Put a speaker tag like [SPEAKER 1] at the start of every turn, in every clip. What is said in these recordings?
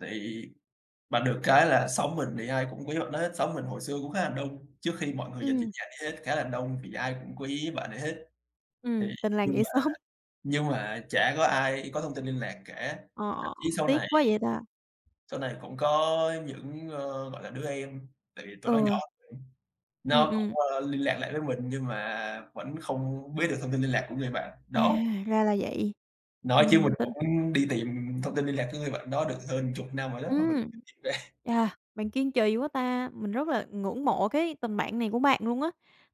[SPEAKER 1] Thì bạn được cái là xóm mình thì ai cũng quý bạn đó hết. Xóm mình hồi xưa cũng khá là đông, trước khi mọi người dần chuyển
[SPEAKER 2] Ừm.
[SPEAKER 1] nhà đi hết, khá là đông thì ai cũng quý bạn ấy hết. Thì
[SPEAKER 2] Ừm, tình làng
[SPEAKER 1] nhưng
[SPEAKER 2] nghĩa
[SPEAKER 1] mà
[SPEAKER 2] xóm.
[SPEAKER 1] nhưng mà chả có ai có thông tin liên lạc cả, thậm
[SPEAKER 2] Ờ,
[SPEAKER 1] chí sau
[SPEAKER 2] tiếc
[SPEAKER 1] này
[SPEAKER 2] quá vậy ta.
[SPEAKER 1] sau này cũng có những, ơ, gọi là, đứa em, tại vì tụi nó nhỏ
[SPEAKER 2] Ừ.
[SPEAKER 1] hơn,
[SPEAKER 2] Ừm,
[SPEAKER 1] nó cũng,
[SPEAKER 2] ừm.
[SPEAKER 1] ơ, liên lạc lại với mình nhưng mà vẫn không biết được thông tin liên lạc của người bạn
[SPEAKER 2] À,
[SPEAKER 1] đó.
[SPEAKER 2] ra là vậy.
[SPEAKER 1] Nói chứ
[SPEAKER 2] Ừm,
[SPEAKER 1] mình
[SPEAKER 2] tin
[SPEAKER 1] cũng đi tìm thông tin liên lạc của người bạn đó được hơn chục năm rồi đó mà mình
[SPEAKER 2] Ưm,
[SPEAKER 1] [unintelligible] ra
[SPEAKER 2] à, bạn kiên trì quá ta, mình rất là ngưỡng mộ cái tình bạn này của bạn luôn á,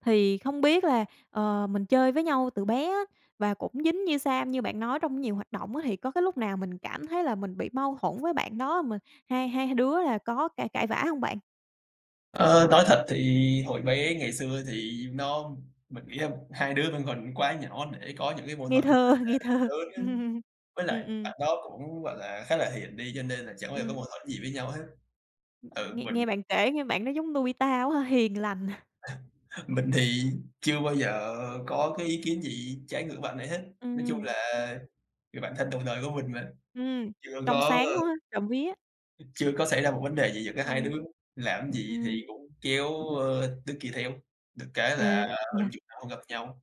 [SPEAKER 2] thì không biết là, ờ, mình chơi với nhau từ bé á và cũng dính như sam như bạn nói trong nhiều hoạt động á, thì có cái lúc nào mình cảm thấy là mình bị mâu thuẫn với bạn đó, xong rồi hai hai đứa là có cãi cãi vã hông bạn?
[SPEAKER 1] Ờ, nói thật thì hồi bé ngày xưa thì nó mình nghĩ, ơm, hai đứa vẫn còn quá nhỏ để có những cái mâu
[SPEAKER 2] Ngây
[SPEAKER 1] thuẫn, gọi
[SPEAKER 2] thơ, ngây
[SPEAKER 1] là,
[SPEAKER 2] thơ,
[SPEAKER 1] lớn á,
[SPEAKER 2] ừm,
[SPEAKER 1] với lại
[SPEAKER 2] ừm.
[SPEAKER 1] bạn đó cũng, gọi là, khá là hiền đi cho nên là chẳng ai có mâu
[SPEAKER 2] Ừm.
[SPEAKER 1] thuẫn gì với nhau hết. Ừ,
[SPEAKER 2] Nghe
[SPEAKER 1] mình
[SPEAKER 2] nghe bạn kể nghe bạn đó giống Nobita quá ha, hiền lành.
[SPEAKER 1] À, mình thì chưa bao giờ có cái ý kiến gì trái ngược bạn ấy hết. Nói chung
[SPEAKER 2] Ừm.
[SPEAKER 1] là người bạn thân đầu đời của mình mà,
[SPEAKER 2] Ừm,
[SPEAKER 1] chưa
[SPEAKER 2] trong
[SPEAKER 1] có
[SPEAKER 2] sáng quá, trộm vía.
[SPEAKER 1] chưa có xảy ra một vấn đề gì giữa cả hai
[SPEAKER 2] Ừm.
[SPEAKER 1] đứa, làm gì thì
[SPEAKER 2] Ừm.
[SPEAKER 1] cũng kéo, ơ, đứa kia theo, được cái là
[SPEAKER 2] À,
[SPEAKER 1] hơn
[SPEAKER 2] yeah.
[SPEAKER 1] chục năm không gặp nhau,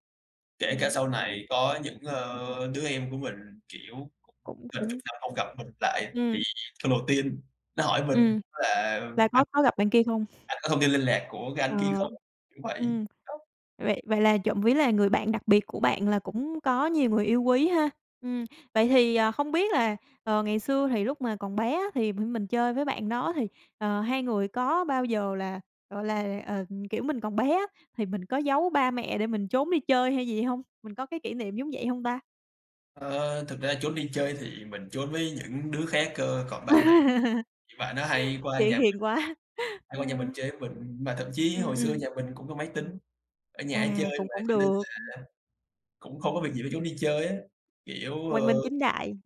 [SPEAKER 1] kể cả
[SPEAKER 2] Ừm.
[SPEAKER 1] sau này có những, ơ, đứa em của mình, kiểu, cũng
[SPEAKER 2] Cũng
[SPEAKER 1] gần
[SPEAKER 2] cũng
[SPEAKER 1] chục năm không gặp mình lại, thì
[SPEAKER 2] Ừm.
[SPEAKER 1] lần đầu tiên nó hỏi mình
[SPEAKER 2] Ừm.
[SPEAKER 1] là
[SPEAKER 2] Là
[SPEAKER 1] "Anh
[SPEAKER 2] có có gặp bạn kia không?
[SPEAKER 1] anh có thông tin liên lạc của cái anh kia
[SPEAKER 2] Ờ,
[SPEAKER 1] không?" Kiểu vậy.
[SPEAKER 2] ừm,
[SPEAKER 1] Đó.
[SPEAKER 2] vậy vậy là trộm vía là người bạn đặc biệt của bạn là cũng có nhiều người yêu quý ha. Ừm, vậy thì, ờ, không biết là, ờ, ngày xưa thì lúc mà còn bé á thì mình chơi với bạn đó thì, ờ, hai người có bao giờ là, gọi là, ờ, kiểu mình còn bé á thì mình có giấu ba mẹ để mình trốn đi chơi hay gì hông? Mình có cái kỷ niệm giống vậy hông ta?
[SPEAKER 1] Ờ, thực ra trốn đi chơi thì mình trốn với những đứa khác cơ, còn bạn này thì bạn đó hay qua
[SPEAKER 2] Kiểu,
[SPEAKER 1] nhà mình,
[SPEAKER 2] hiền quá. Ừ.
[SPEAKER 1] hay qua nhà mình chơi với mình, mà thậm chí
[SPEAKER 2] Ừm,
[SPEAKER 1] hồi xưa
[SPEAKER 2] ừm.
[SPEAKER 1] nhà mình cũng có máy tính, ở nhà hay
[SPEAKER 2] À,
[SPEAKER 1] chơi
[SPEAKER 2] cũng
[SPEAKER 1] mà
[SPEAKER 2] cũng
[SPEAKER 1] cho nên
[SPEAKER 2] được.
[SPEAKER 1] là cũng không có việc gì phải trốn đi chơi á, kiểu,
[SPEAKER 2] Quang minh
[SPEAKER 1] ơ
[SPEAKER 2] chính đại.